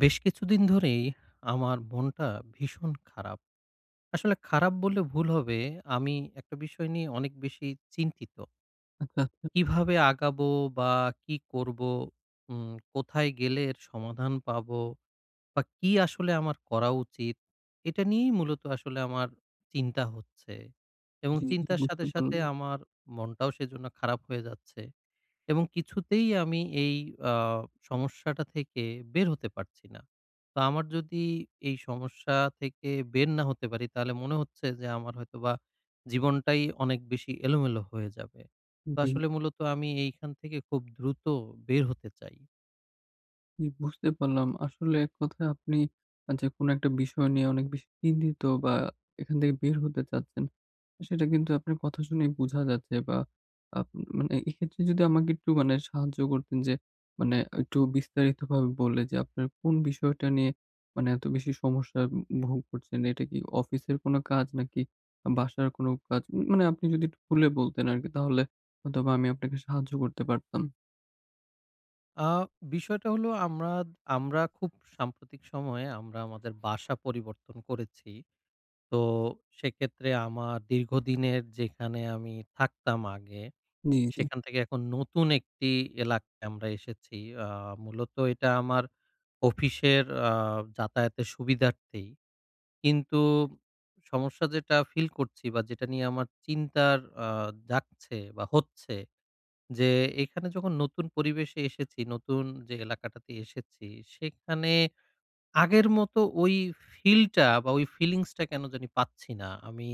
বেশ কিছুদিন ধরেই আমার মনটা ভীষণ খারাপ। আসলে খারাপ বললে ভুল হবে আমি একটা বিষয় নিয়ে অনেক বেশি চিন্তিত। কীভাবে আগাবো বা কি করবো উম কোথায় গেলে এর সমাধান পাবো বা কি আসলে আমার করা উচিত। এটা নিয়েই মূলত আসলে আমার চিন্তা হচ্ছে। এবং জি, জি। চিন্তার বুঝতে সাথে, সাথে পারলাম। আমার মনটাও সেজন্য খারাপ হয়ে যাচ্ছে। এবং কিছুতেই আমি এই আ সমস্যাটা থেকে বের হতে পারছি না। তো আমার যদি এই সমস্যা থেকে বের না হতে পারি তাহলে মনে হচ্ছে যে, আমার হয়তো বা জীবনটাই অনেক বেশি এলোমেলো হয়ে যাবে। জি, তো জি। আসলে মূলত আমি এইখান থেকে খুব দ্রুত বের হতে চাই। জি, বুঝতে পারলাম। আসলে ১ কথায় আপনি আ যে কোনো ১ টা বিষয় নিয়ে অনেক বেশি চিন্তিত বা এখান থেকে বের হতে চাচ্ছেন। সেটা কিন্তু আপনার কথা শুনেই বুঝা যাচ্ছে বা আ মানে এক্ষেত্রে যদি আমাকে একটু মানে সাহায্য করতেন যে মানে একটু বিস্তারিতভাবে বললে যে আপনার কোন বিষয়টা নিয়ে মানে এত বেশি সমস্যা ভোগ করছেন। এটা কি অফিসের কোন কাজ নাকি বাসার কোন কাজ? মানে আপনি যদি একটু খুলে বলতেন আরকি তাহলে অথবা আমি আপনাকে সাহায্য করতে পারতাম। আ বিষয়টা হলো আম্মাদ আমরা খুব সাম্প্রতিক সময়ে আমরা আমাদের বাসা পরিবর্তন করেছি। তো সেক্ষেত্রে আমার দীর্ঘদিনের যেখানে আমি থাকতাম আগে। জ্বী, জ্বী। সেখান থেকে এখন নতুন একটি এলাকায় আমরা এসেছি। আ মূলত এটা আমার অফিসের আ যাতায়াতের সুবিধার্থেই। কিন্তু সমস্যা যেটা ফিল করছি বা যেটা নিয়ে আমার চিন্তার আ জাগছে বা হচ্ছে যে এখানে যখন নতুন পরিবেশে এসেছি, নতুন যে এলাকাটাতে এসেছি, সেখানে আগের মতো ওই ফিলটা বা ওই ফিলিংসটা কেন জানি পাচ্ছি না। আমি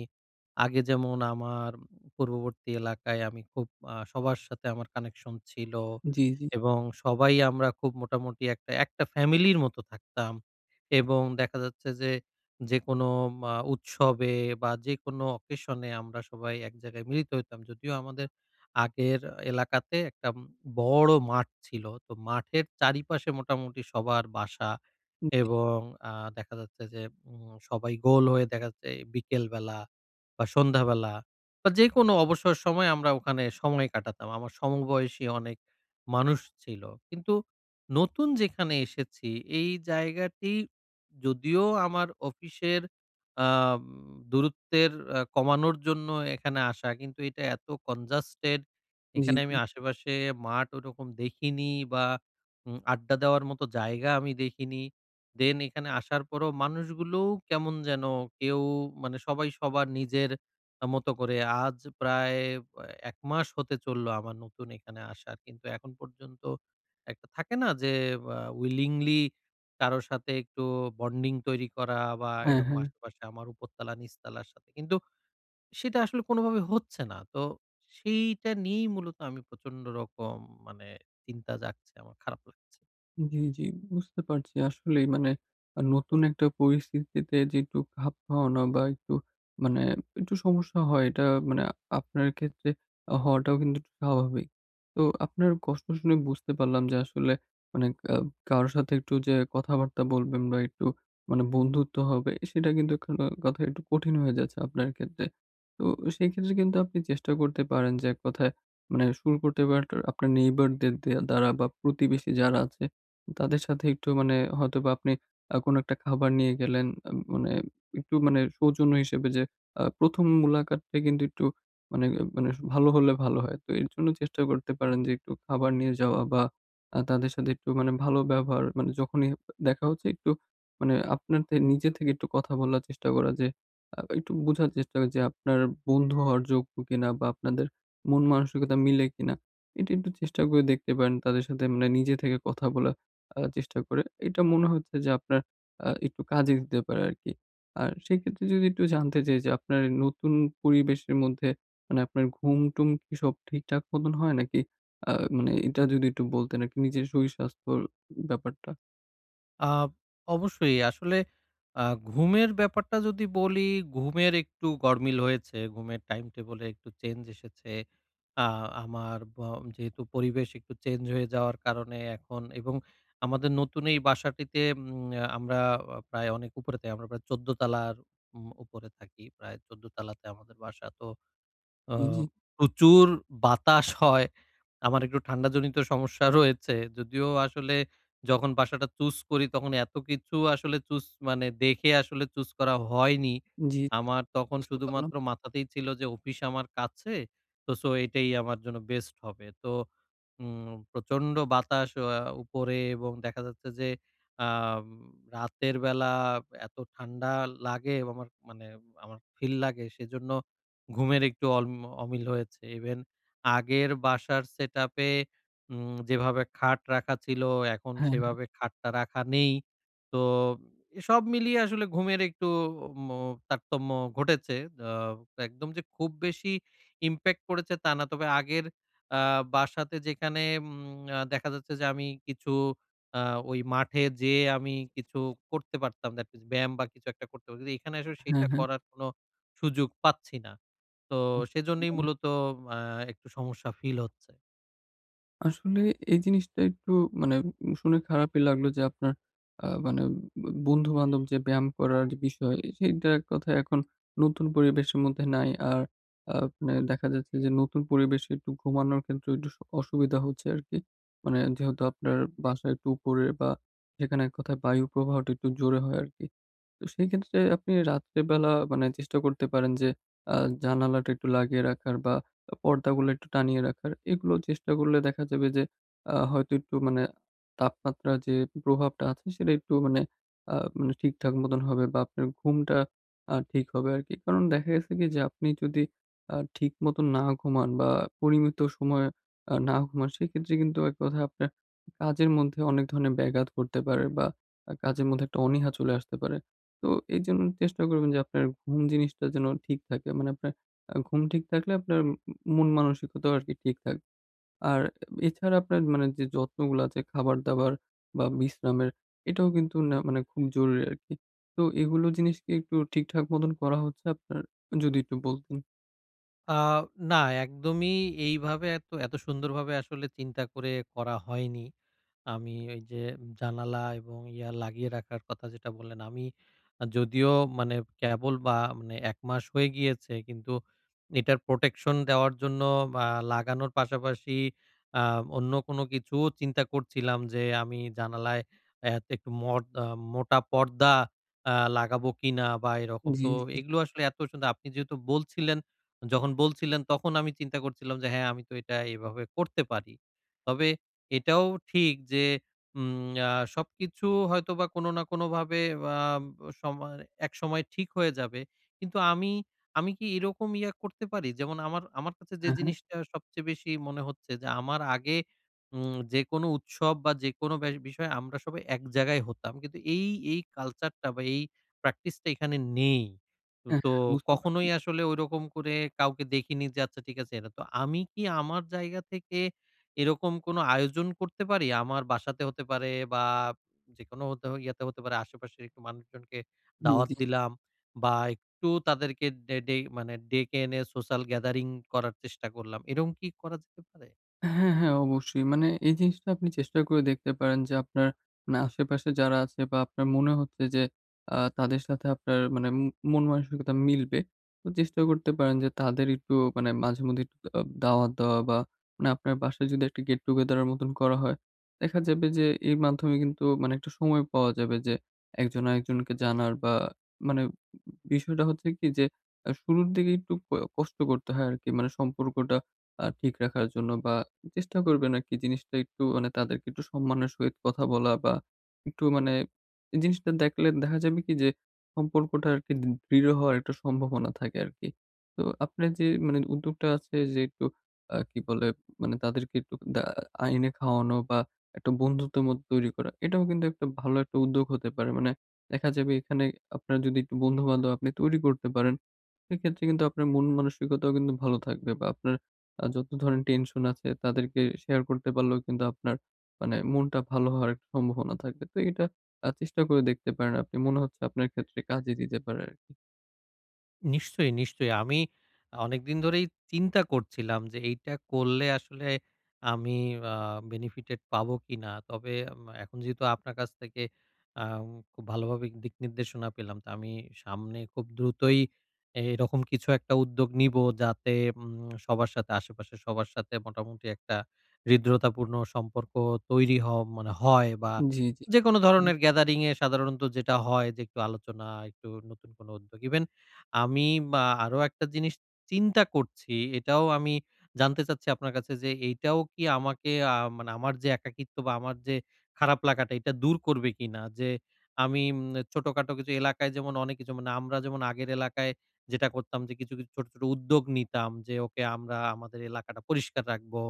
আগে যেমন আমার পূর্ববর্তী এলাকায় আমি খুব আ সবার সাথে আমার কানেকশন ছিল জ্বী, জ্বী। এবং সবাই আমরা খুব মোটামুটি একটা, একটা ফ্যামিলির মত থাকতাম। এবং দেখা যাচ্ছে যে যেকোনো মা উৎসবে বা যেকোনো অকেশন এ আমরা সবাই এক জায়গায় মিলিত হইতাম। যদিও আমাদের আগের এলাকাতে একটা বড় মাঠ ছিল, তো মাঠের চারিপাশে মোটামুটি সবার বাসা উ জি। এবং আ দেখা যাচ্ছে যে উ সবাই গোল হয়ে দেখা যাচ্ছে বিকেলবেলা বা সন্ধ্যাবেলা বা যেকোনো অবসর সময় আমরা ওখানে সময় কাটাতাম। আমার সমবয়সী অনেক মানুষ ছিল। কিন্তু নতুন যেখানে এসেছি এই জায়গাটি যদিও আমার অফিসের আম দূরত্বের আ কমানোর জন্য এখানে আসা কিন্তু এটা এত কনজাস্টেড জ্বী, এখানে আমি জ্বী। আশেপাশে মাঠ ওরকম দেখিনি বা উম আড্ডা দেওয়ার মতো জায়গা আমি দেখিনি। দেন এখানে আসার পরও মানুষগুলো কেমন যেন কেউ মানে সবাই সবার নিজের মত করে আজ প্রায় আ ১ মাস হতে চলল আমার নতুন এখানে আসার। কিন্তু এখন পর্যন্ত একটা থাকে না যে আ উইলিংলি কারো সাথে একটু বন্ডিং তৈরি করা বা হ্যাঁ, এরকম হ্যাঁ। আশেপাশে আমার উপরতলা নিচতলার সাথে কিন্তু সেটা আসলে কোনোভাবে হচ্ছে না। তো সেইটা নিয়েই মূলত আমি প্রচন্ড রকম মানে চিন্তা জাগছে আমার খারাপ লাগছে। জি, জি, বুঝতে পারছি। আসলেই, মানে নতুন একটা পরিস্থিতিতে যে একটু খাপ খাওয়ানো বা একটু মানে একটু সমস্যা হয় এটা মানে আপনার ক্ষেত্রে হওয়াটাও কিন্তু একটু স্বাভাবিক। তো আপনার কষ্ট শুনে বুঝতে পারলাম যে আসলে মানে অ্যা কারো সাথে একটু যে কথাবার্তা বলবেন বা একটু মানে বন্ধুত্ব হবে সেটা কিন্তু [unintelligible] একটু কঠিন হয়ে যাচ্ছে আপনার ক্ষেত্রে। তো সেই ক্ষেত্রে কিন্তু আপনি চেষ্টা করতে পারেন যে এক কথায় মানে শুরু করতে পারেন আপনার নেইবারদের দে দ্বারা বা প্রতিবেশী যারা আছে তাদের সাথে একটু মানে হয়তোবা আপনি আ কোনো একটা খাবার নিয়ে গেলেন। এ মানে একটু মানে সৌজন্য হিসেবে যে আ ১ম মুলাকাতটা কিন্তু একটু মানে, মানে, ভালো হলে ভালো হয়। তো এর জন্য চেষ্টা করতে পারেন যে একটু খাবার নিয়ে যাওয়া বা আ তাদের সাথে একটু মানে ভালো ব্যবহার মানে যখনই দেখা হচ্ছে একটু মানে আপনার থে নিজে থেকে একটু কথা বলার চেষ্টা করা যে একটু আ একটু বোঝার চেষ্টা যে আপনার বন্ধু হওয়ার যোগ্য কিনা? বা আপনাদের মন মানসিকতা মিলে কিনা? এটা একটু চেষ্টা করে দেখতে পারেন। তাদের সাথে মানে নিজে থেকে কথা বলার আ চেষ্টা করে। এটা মনে হচ্ছে যে আপনার আ একটু কাজে দিতে পারে আরকি। আর সেক্ষেত্রে যদি একটু জানতে চাই যে আপনার নতুন পরিবেশের মধ্যে মানে আপনার ঘুম টুম কি সব ঠিকঠাক মতন হয় নাকি? আ মানে এটা যদি একটু বলতেন আর কি নিজের শরীর স্বাস্থ্যর ব্যাপারটা? আ অবশ্যই আসলে আ ঘুমের ব্যাপারটা যদি বলি ঘুমের একটু গরমিল হয়েছে, ঘুমের টাইম-টেবল একটু চেঞ্জ এসেছে। আ আমার ব্য যেহেতু পরিবেশ একটু চেঞ্জ হয়ে যাওয়ার কারণে এখন এবং আমাদের নতুন এই বাসাটিতে উম আমরা প্রায় অনেক উপরে আমরা প্রায় ১৪ তালার। উপরে থাকি। প্রায় ১৪ তালাতে আমাদের বাসা তো। জি, আম জি। প্রচুর বাতাস হয়। আমার একটু ঠান্ডা জনিত সমস্যা রয়েছে। যদিও আসলে যখন বাসাটা চুস করি তখন এতকিছু আসলে চুস মানে দেখে আসলে চুস করা হয়নি। জী, জী আমার তখন বুঝতে পারলাম। শুধুমাত্র মাথাতেই ছিল যে অফিস আমার কাছে তো সো, এটাই আমার জন্য বেস্ট হবে। তো। উ প্রচন্ড বাতাস উপরে এবং দেখা যাচ্ছে যে আম রাতের বেলা এত ঠান্ডা লাগে আমার মানে আমার ফিল লাগে সেজন্য ঘুমের একটু অল্মি অমিল হয়েছে। ইভেন আগের বাসার সেট আপ-এ উম যেভাবে খাট রাখা ছিল এখন হ্যাঁ, হ্যাঁ। সেভাবে খাটটা রাখা নেই। তো সব মিলিয়ে আসলে ঘুমের একটু ম্ম তারতম্য ঘটেছে। আ একদম যে খুব বেশি ইমপ্যাক্ট পড়েছে তা না। তবে আগের আ বাসাতে যেখানে উম দেখা যাচ্ছে যে আমি কিছু আ ওই মাঠে যেয়ে আমি কিছু করতে পারতাম। That is ব্যায়াম বা কিছু একটা করতে পারছি। এখানে এসে হ্যাঁ, সেটা হ্যাঁ। করার কোনো সুযোগ পাচ্ছি না। তো সেজন্যেই [unintelligible] মূলত আ একটু সমস্যা ফিল হচ্ছে। আসলে এই জিনিসটা একটু মানে শুনে খারাপই লাগলো যে, আপনার আ মানে বন্ধু-বান্ধব যে, ব্যায়াম করার বিষয় সেইটার কথা এখন নতুন পরিবেশের মধ্যে নাই। আর আপনে দেখা যাচ্ছে যে, নতুন পরিবেশে একটু ঘুমানোর ক্ষেত্রে একটু অসুবিধা হচ্ছে আরকি। মানে যেহেতু আপনার বাসায় একটু উপরে বা সেখানে এক কথায় বায়ু প্রবাহটা একটু জোরে হয় আরকি। তো সেই ক্ষেত্রে আপনি রাত্রে বেলা মানে চেষ্টা করতে পারেন যে, আ জানালাটা একটু লাগিয়ে রাখার বা, পর্দাগুলো একটু টানিয়ে রাখার এগুলো চেষ্টা করলে দেখা যাবে যে, আ হয়তো একটু মানে তাপমাত্রার যে, প্রভাবটা আছে সেটা একটু মানে আ মানে ঠিকঠাক মতন হবে বা, আপনার ঘুমটা আ ঠিক হবে আরকি। কারণ দেখা গেছে কি যে, আপনি যদি আ ঠিক মতো না ঘুমান বা পরিমিত সময়ে আ না ঘুমান সেক্ষেত্রে কিন্তু এক কথা আপনার কাজের মধ্যে অনেক ধরনের ব্যাঘাত ঘটতে পারে বা আ কাজের মধ্যে একটা অনীহা চলে আসতে পারে। তো এইজন্য চেষ্টা করবেন যে, আপনার ঘুম জিনিসটা যেন ঠিক থাকে মানে আপনার ঘুম ঠিক থাকলে আপনার মন মানসিকতাও আরকি ঠিক থাকবে। আর এছাড়া আপনার মানে যে, যত্নগুলো আছে খাবার দাবার বা বিশ্রামের এটাও কিন্তু নে মানে খুব জরুরি আরকি। তো এগুলো জিনিসকে একটু ঠিকঠাক মতন করা হচ্ছে আপনার, যদি একটু বলতেন। আ না একদমই এইভাবে এত এত সুন্দরভাবে আসলে চিন্তা করে করা হয়নি। আমি ওই যে, জানালা এবং ইয়া লাগিয়ে রাখার কথা যেটা বললেন আমি যদিও মানে কেবল বা মানে একমাস হয়ে গিয়েছে কিন্তু এটার প্রোটেকশন দেওয়ার জন্য আ লাগানোর পাশা-পাশি আ অন্য কোন কিছুও চিন্তা করছিলাম যে, আমি জানালায় আ একটু মোট আ মোটা পর্দা আ লাগাবো কিনা বা এরকম। তো জ্বি। এগুলো আসলে এত সুন্দর। আপনি যেহেতু বলছিলেন যখন বলছিলেন তখন আমি চিন্তা করছিলাম যে, হ্যাঁ, আমি তো এটা এভাবে করতে পারি। তবে এটাও ঠিক যে, উম আ সবকিছু হয়তোবা কোনো না কোনো ভাবে আ সময় একসময় ঠিক হয়ে যাবে। কিন্তু আমি, আমি কি এরকম ইয়ে করতে পারি যেমন আমার, আমার কাছে যে, হ্যাঁ, হ্যাঁ। জিনিসটা সবচেয়ে বেশি মনে হচ্ছে যে, আমার আগে উম যেকোনো উৎসব বা যেকোনো ব্যা বিষয় আমরা সবাই এক জায়গায় হতাম। কিন্তু এই এই কালচারটা বা এই প্র্যাকটিসটা এখানে নেই। হ্যাঁ, তো হ্যাঁ, বুঝতে পারছি। কখনোই আসলে ঐরকম করে কাউকে দেখিনি যে, আচ্ছা ঠিক আছে এটা। তো আমি কি আমার জায়গা থেকে এরকম কোনো আয়োজন করতে পারি? আমার বাসাতে হতে পারে বা যেকোনো হতে ইয়াতে হতে পারে আশে-পাশের মানুষজনকে দাওয়াত জ্বি। দিলাম বাম একটু তাদেরকে ডে মানে ডেকে এনে সোশ্যাল গ্যাদারিং করার চেষ্টা করলাম। এরকম কি করা যেতে পারে? হ্যাঁ, হ্যাঁ, অবশ্যই। মানে এই জিনিসটা আপনি চেষ্টা করে দেখতে পারেন যে, আপনার, না আশেপাশে যারা আছে বা আপনার মনে হচ্ছে যে, আ তাদের সাথে আপনার মানে মু মন মানসিকতা মিলবে। তো চেষ্টাও করতে পারেন যে, তাদের একটু মানে মাঝে-মধ্যেই একটু আ দাওয়াত দেওয়া বা, মানে আপনার বাসায় যদি একটা গেট-টুগেদারের মতন করা হয়, দেখা যাবে যে, এর মাধ্যমে কিন্তু মানে একটু সময় পাওয়া যাবে যে, একজন আরেকজনকে জানার বা, মানে বিষয়টা হচ্ছে কি যে, আ শুরুর দিকে একটু অ কষ্ট করতে হয় আরকি। মানে সম্পর্কটা আ ঠিক রাখার জন্য বা চেষ্টা করবেন আরকি জিনিসটা একটু মানে তাদেরকে একটু সম্মানের সহিত কথা বলা বা, একটু মানে জিনিসটা দেখলে দেখা যাবে কি যে, সম্পর্কটা আরকি দ দৃঢ় হওয়ার একটা সম্ভাবনা থাকে আরকি। তো আপনার যে, মানে উদ্যোগটা আছে যে, একটু আ কি বলে মানে তাদেরকে একটু দা আইনে খাওয়ানো বা একটা বন্ধুত্বের মতো তৈরি করা। এটাও কিন্তু একটা ভালো একটা উদ্যোগ হতে পারে মানে, দেখা যাবে এখানে আপনার যদি একটু বন্ধু-বান্ধব আপনি তৈরি করতে পারেন সেক্ষেত্রে কিন্তু আপনার মন-মানসিকতাও কিন্তু ভালো থাকবে বা আপনার আ যত ধরনের টেনশন আছে তাদেরকে শেয়ার করতে পারলেও কিন্তু আপনার মানে মনটা ভালো হওয়ার একটা সম্ভাবনা থাকবে। তো এটা আ চেষ্টা করে দেখতে পারেন আপনি। মনে হচ্ছে আপনার ক্ষেত্রে কাজে দিতে পারে আরকি। নিশ্চয়ই, নিশ্চয়ই। আমি অনেকদিন ধরেই চিন্তা করছিলাম যে এইটা করলে আসলে আমি আ বেনিফিটেড পাবো কিনা। তবে এখন যেহেতু আপনার কাছ থেকে আ খুব ভালোভাবে দিক নির্দেশনা পেলাম তো আমি সামনে খুব দ্রুতই এ এরকম কিছু একটা উদ্যোগ নিবো যাতে উম সবার সাথে আশেপাশের সবার সাথে মোটামুটি একটা হৃদ্রতাপূর্ণ সম্পর্ক তৈরি হ মানে হয় বা জ্বী, জ্বী। যেকোন হুম। ধরনের গ্যাদারিং এ সাধারণত যেটা হয় যে একটু আলোচনা, একটু নতুন কোনো উদ্যোগ ইভেন আমি মা আরো একটা জিনিস চিন্তা করছি। এটাও আমি জানতে চাচ্ছি আপনার কাছে যে, এটাও কি আমাকে আ মানে আমার যে একাকিত্ব বা আমার যে খারাপ লাগাটা এটা দূর করবে কিনা? যে আমি উম ছোটখাটো কিছু এলাকায় যেমন অনেক কিছু মানে আমরা যেমন আগের এলাকায় যেটা করতাম যে, কিছু, কিছু ছোট, ছোট উদ্যোগ নিতাম যে ওকে আমরা আমাদের এলাকাটা পরিষ্কার রাখবো।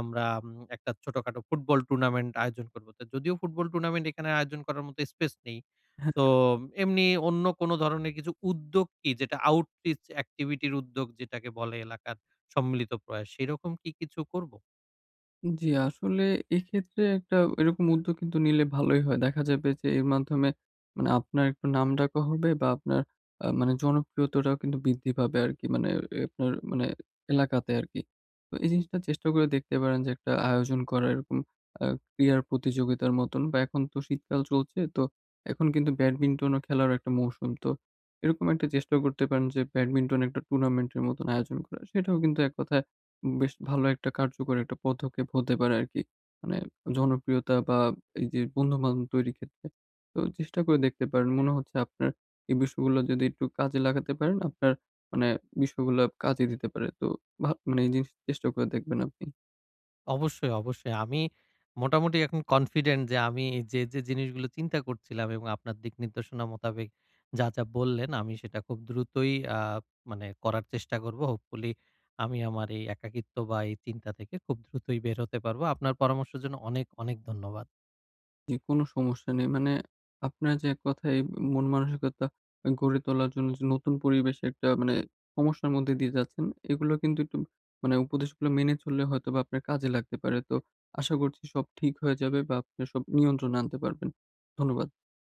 আমরা উম একটা ছোটখাটো ফুটবল টুর্নামেন্ট আয়োজন করব। তো যদিও ফুটবল টুর্নামেন্ট এখানে আয়োজন করার মত স্পেস নেই। হ্যাঁ। তো এমনি অন্য কোন ধরনের কিছু উদ্যোগ কি যেটা আউটরিচ এক্টিভিটির উদ্যোগ যেটাকে বলে, এলাকার সম্মিলিত প্রয়াস সেরকম কি কিছু করবো? জি আসলে এক্ষেত্রে একটা এরকম উদ্যোগ কিন্তু নিলে ভালোই হয়। দেখা যাবে যে এর মাধ্যমে মানে আপনার একটু নাম ডাকও হবে বা আপনার আ মানে জনপ্রিয়তাটাও কিন্তু বৃদ্ধি পাবে আরকি। মানে এ আপনার মানে এলাকাতে আরকি। তো এই জিনিসটা চেষ্টা করে দেখতে পারেন যে একটা আয়োজন করা এরকম আ ক্রীড়ার প্রতিযোগিতার মতন বা, এখন তো শীতকাল চলছে তো এখন কিন্তু ব্যাডমিন্টনও খেলার একটা মৌসুম। তো এরকম একটা চেষ্টাও করতে পারেন যে ব্যাডমিন্টন একটা টুর্নামেন্টের মতন আয়োজন করা সেটাও কিন্তু এক কথায় বেশ ভালো একটা কার্যকর একটা পদক্ষেপ হতে পারে আরকি। মানে জনপ্রিয়তা বা, এই যে বন্ধু-বান্ধব তৈরির ক্ষেত্রে। তো চেষ্টা করে দেখতে পারেন মনে হচ্ছে আপনার এই বিষয়গুলা যদি একটু কাজে লাগাতে পারেন আপনার মানে বিষয়গুলো কাজে দিতে পারে তো ভা মানে এই জিনিস চেষ্টা করে দেখবেন আপনি। অবশ্যই, অবশ্যই আমি মোটামুটি এখন কনফিডেন্ট যে আমি যে, যে জিনিসগুলো চিন্তা করছিলাম এবং আপনার দিক নির্দশনা মোতাবেক যা, যা বললেন আমি সেটা খুব দ্রুতই আ মানে করার চেষ্টা করবো। হোপফুলি আমি আমার এই একাকিত্ব বা, এই চিন্তা থেকে খুব দ্রুতই বের হতে পারব। আপনার পরামর্শের জন্য অনেক অনেক ধন্যবাদ। জি কোন সমস্যা নেই। মানে আপনার যে এক কথায় মন-মানসিকতা গড়ে তোলার জন্য যে নতুন পরিবেশের একটা মানে সমস্যার মধ্যে দিয়ে যাচ্ছেন এগুলো কিন্তু একটু মানে উপদেশগুলো মেনে চললে হয়তো বা আপনার কাজে লাগতে পারে। তো আশা করছি সব ঠিক হয়ে যাবে বা আপনি সব নিয়ন্ত্রণে আনতে পারবেন। ধন্যবাদ।